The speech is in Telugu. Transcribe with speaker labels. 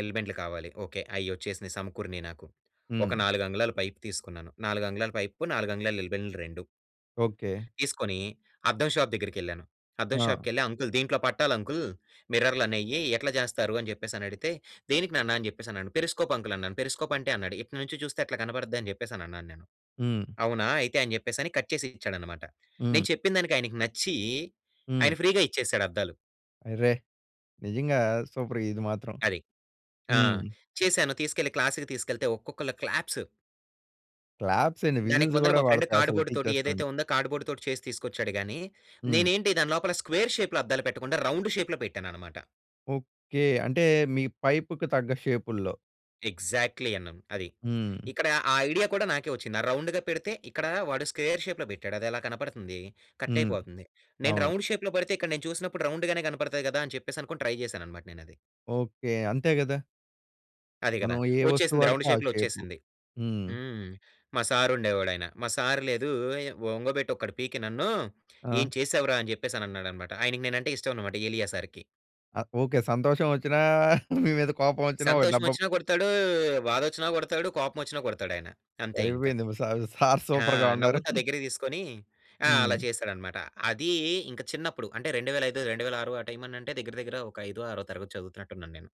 Speaker 1: ఎల్‌బెండ్లు కావాలి ఓకే. అయొచ్చేసినియి సమకూరినియి నాకు. ఒక
Speaker 2: హ్మ్.
Speaker 1: నాలుగంగుళాల పైప్ తీసుకున్నాను. నాలుగంగుళాల పైప్‌కు నాలుగంగుళాల ఎల్‌బెండ్‌లు 2...
Speaker 2: ఓకే.
Speaker 1: తీసుకొనీ అద్దం షాప్ దగ్గరికెళ్ళాను. అద్దం
Speaker 2: ఆ!
Speaker 1: షాప్‌కెళ్లి అంకుల్ దీంట్లో పట్టాలంకుల్ మిర్రర్‌లనేయి ఎట్లా జేస్తారు, అని జెప్పేసని అడిగితే, "దేనికి నాన్న అని జెప్పేసి" అన్నాను. పెరిస్కోప్ అంకుల్ అన్నాను. 'పెరిస్కోప్' అంటే అన్నాడు. ఇటు నుంచి జూస్తే అట్లా కనబడద్దని జెప్పేసన్నాను నేను.
Speaker 2: హ్మ్.
Speaker 1: 'అవునా?' అయితే అని జెప్పేసని కట్ జేసిచ్చాడనమాట. నేను
Speaker 2: హ్మ్.
Speaker 1: చెప్పిన దానికి ఆయనికి నచ్చీ ఆయన
Speaker 2: హ్మ్.
Speaker 1: ఫ్రీగా ఇచ్చేసాడు అద్దాలు.
Speaker 2: అరె! నిజంగా సూపరే! ఇది మాత్రం.
Speaker 1: అది. ఆ!
Speaker 2: హ్మ్.
Speaker 1: చేశాను. తీసుకెళ్ళి క్లాస్‌కి తీసికెళ్తే ఒక్కొక్కల క్లాప్స్.
Speaker 2: క్లాప్సేంటి,
Speaker 1: దానికి
Speaker 2: విజిల్స్
Speaker 1: ముందల
Speaker 2: గూడా
Speaker 1: మా ఫ్రెండ్
Speaker 2: బడతాయి అసలు
Speaker 1: కార్డ్‌బోర్డ్‌‌తోటి
Speaker 2: టీచర్స్
Speaker 1: ఏదైతే
Speaker 2: నుండి.
Speaker 1: ఉందో, కార్డ్‌బోర్డ్‌తోటి చేసి తీసుకొచ్చాడు గానీ
Speaker 2: హ్మ్.
Speaker 1: నేనేంటి దాని లోపల స్క్వేర్ షేప్‌లో అద్దాలు పెట్టకుండా, రౌండ్ షేప్‌లో పెట్టాననమాట.
Speaker 2: ఓకే. అంటే మీ పైప్‌కి తగ్గ షేపుల్లో.
Speaker 1: ఎగ్జాక్ట్‌లీ అన్నామ్ అది.
Speaker 2: హ్మ్.
Speaker 1: ఇక్కడ ఆ ఐడియా కూడా నాకే ఒచ్చింది. రౌండ్‌గా పెడితే ఇక్కడా వాడు స్క్వేర్ షేప్‌లో బెట్టాడు అదేలా కనబడుతుంది,
Speaker 2: హ్మ్.
Speaker 1: కట్టైపోతుంది. నేను
Speaker 2: అవును.
Speaker 1: రౌండ్ షేప్‌లో బెడితే ఇక్కడ నేను చూసినప్పుడు రౌండ్‌గానే కనబడతాయి గదా! అని చెప్పేసనుకొని ట్రై జేశాననమాట నేనది.
Speaker 2: ఓకే. అంతే గదా!
Speaker 1: అది గదా!
Speaker 2: మనం ఏ వస్తువు
Speaker 1: ఒచ్చేసింది రౌండ్
Speaker 2: వాడితే ఆ
Speaker 1: షేప్‌లో
Speaker 2: షేపు.
Speaker 1: ఒచ్చేసింది.
Speaker 2: హ్మ్.
Speaker 1: హ్మ్. మా సారు ఉండేవాడాయన, మా సారు లేదూ ఒంగొబెట్టి ఒకటి పీకి నన్ను,
Speaker 2: ఆ!
Speaker 1: ఏం చేసావురా అని జెప్పేసని అన్నాడనమాట. ఆయనకి నేనంటే ఇష్టమనమాట ఎలియా సారుకి.
Speaker 2: ఆ! ఓకే. సంతోషం ఒచ్చినా మీ మీద కోపమొచ్చినా ఒక
Speaker 1: సంతోషం
Speaker 2: దెబ్బ
Speaker 1: ఒచ్చిన గొడతాడూ, బాధొచ్చిన గొడతాడు, కోపమొచ్చిన కొడతాడాయన. అంతే ఇంక.
Speaker 2: సరిపోయింది. మీ సారు, సారు
Speaker 1: ఆ!
Speaker 2: సూపర్‌గా ఉన్నారు.
Speaker 1: నవ్వుతా
Speaker 2: హ్మ్.
Speaker 1: దగ్గరికి దీసుకొని ఆ! అలా
Speaker 2: హ్మ్.
Speaker 1: చేశాడనమాట. అదీ ఇంక చిన్నప్పుడు అంటే 2005, 2006 ఆ టైమనంటే దగ్గిర, దగ్గిర ఒక ఐదో, ఆరో తరగతి చదువుతున్నట్టున్నాను నేను.